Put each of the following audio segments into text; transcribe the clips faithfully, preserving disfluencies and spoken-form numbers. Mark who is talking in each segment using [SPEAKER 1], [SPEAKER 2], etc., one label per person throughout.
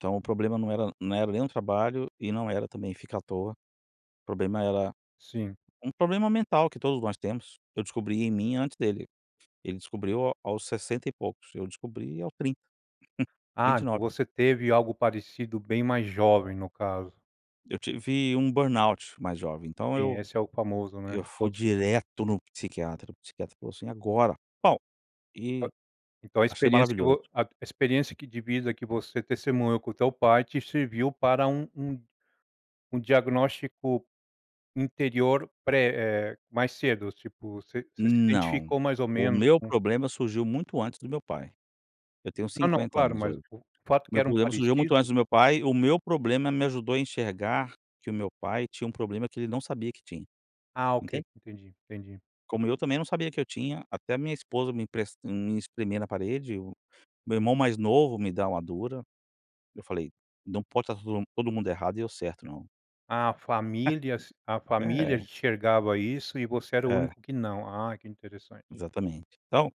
[SPEAKER 1] Então, o problema não era não era nem um trabalho e não era também ficar à toa. O problema era
[SPEAKER 2] Sim.
[SPEAKER 1] um problema mental que todos nós temos, eu descobri em mim antes dele. Ele descobriu ao aos sessenta e poucos, eu descobri aos trinta, vinte
[SPEAKER 2] Ah,
[SPEAKER 1] e nove.
[SPEAKER 2] você teve algo parecido bem mais jovem no caso.
[SPEAKER 1] Eu tive um burnout mais jovem, então
[SPEAKER 2] Sim,
[SPEAKER 1] eu
[SPEAKER 2] esse é o famoso, né,
[SPEAKER 1] eu
[SPEAKER 2] que
[SPEAKER 1] fui
[SPEAKER 2] todos tem.
[SPEAKER 1] direto em um psiquiatra, o psiquiatra falou assim agora, pau, e
[SPEAKER 2] Então a
[SPEAKER 1] achei
[SPEAKER 2] experiência que
[SPEAKER 1] maravilhoso.
[SPEAKER 2] vo a a experiência que divisa que você testemunhou com o teu pai te serviu para um um diagnóstico interior pré, eh, mais cedo tipo você se
[SPEAKER 1] Não,
[SPEAKER 2] identificou mais ou
[SPEAKER 1] o
[SPEAKER 2] menos
[SPEAKER 1] meu
[SPEAKER 2] com
[SPEAKER 1] problema surgiu muito antes do meu pai. Eu tenho
[SPEAKER 2] Não, não,
[SPEAKER 1] cinquenta
[SPEAKER 2] claro,
[SPEAKER 1] anos
[SPEAKER 2] mas
[SPEAKER 1] hoje.
[SPEAKER 2] o fato
[SPEAKER 1] O
[SPEAKER 2] que
[SPEAKER 1] meu
[SPEAKER 2] era um
[SPEAKER 1] problema surgiu muito
[SPEAKER 2] parecido.
[SPEAKER 1] antes do meu pai, o meu problema me ajudou a enxergar que o meu pai tinha um problema que ele não sabia que tinha,
[SPEAKER 2] Ah ok,
[SPEAKER 1] entende?
[SPEAKER 2] entendi, entendi.
[SPEAKER 1] Como eu também não sabia que eu tinha, até a minha esposa me empresta me espremer na parede, o meu irmão mais novo me dá uma dura, eu falei: "Não pode estar todo mundo errado, e eu certo não".
[SPEAKER 2] A famílias a família
[SPEAKER 1] É.
[SPEAKER 2] enxergava isso e você era o
[SPEAKER 1] É.
[SPEAKER 2] único que não, ah, que interessante.
[SPEAKER 1] Exatamente. Então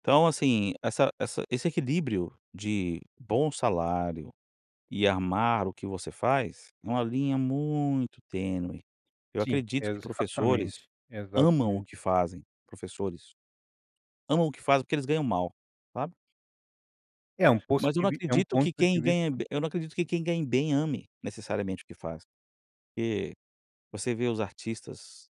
[SPEAKER 1] então assim, essa essa esse equilíbrio de bom salário e amar o que você faz, é uma linha muito tênue. Eu
[SPEAKER 2] Sim,
[SPEAKER 1] acredito que professores
[SPEAKER 2] exatamente,
[SPEAKER 1] amam o
[SPEAKER 2] exatamente.
[SPEAKER 1] que fazem professores amam o que fazem porque eles ganham mal, sabe?
[SPEAKER 2] É um poço
[SPEAKER 1] Mas eu
[SPEAKER 2] de
[SPEAKER 1] não
[SPEAKER 2] vis é um
[SPEAKER 1] acredito
[SPEAKER 2] ponto
[SPEAKER 1] que
[SPEAKER 2] de
[SPEAKER 1] quem ganha
[SPEAKER 2] vista.
[SPEAKER 1] bem eu não acredito que quem ganhe bem ame necessariamente o que faz. Porque você vê os artistas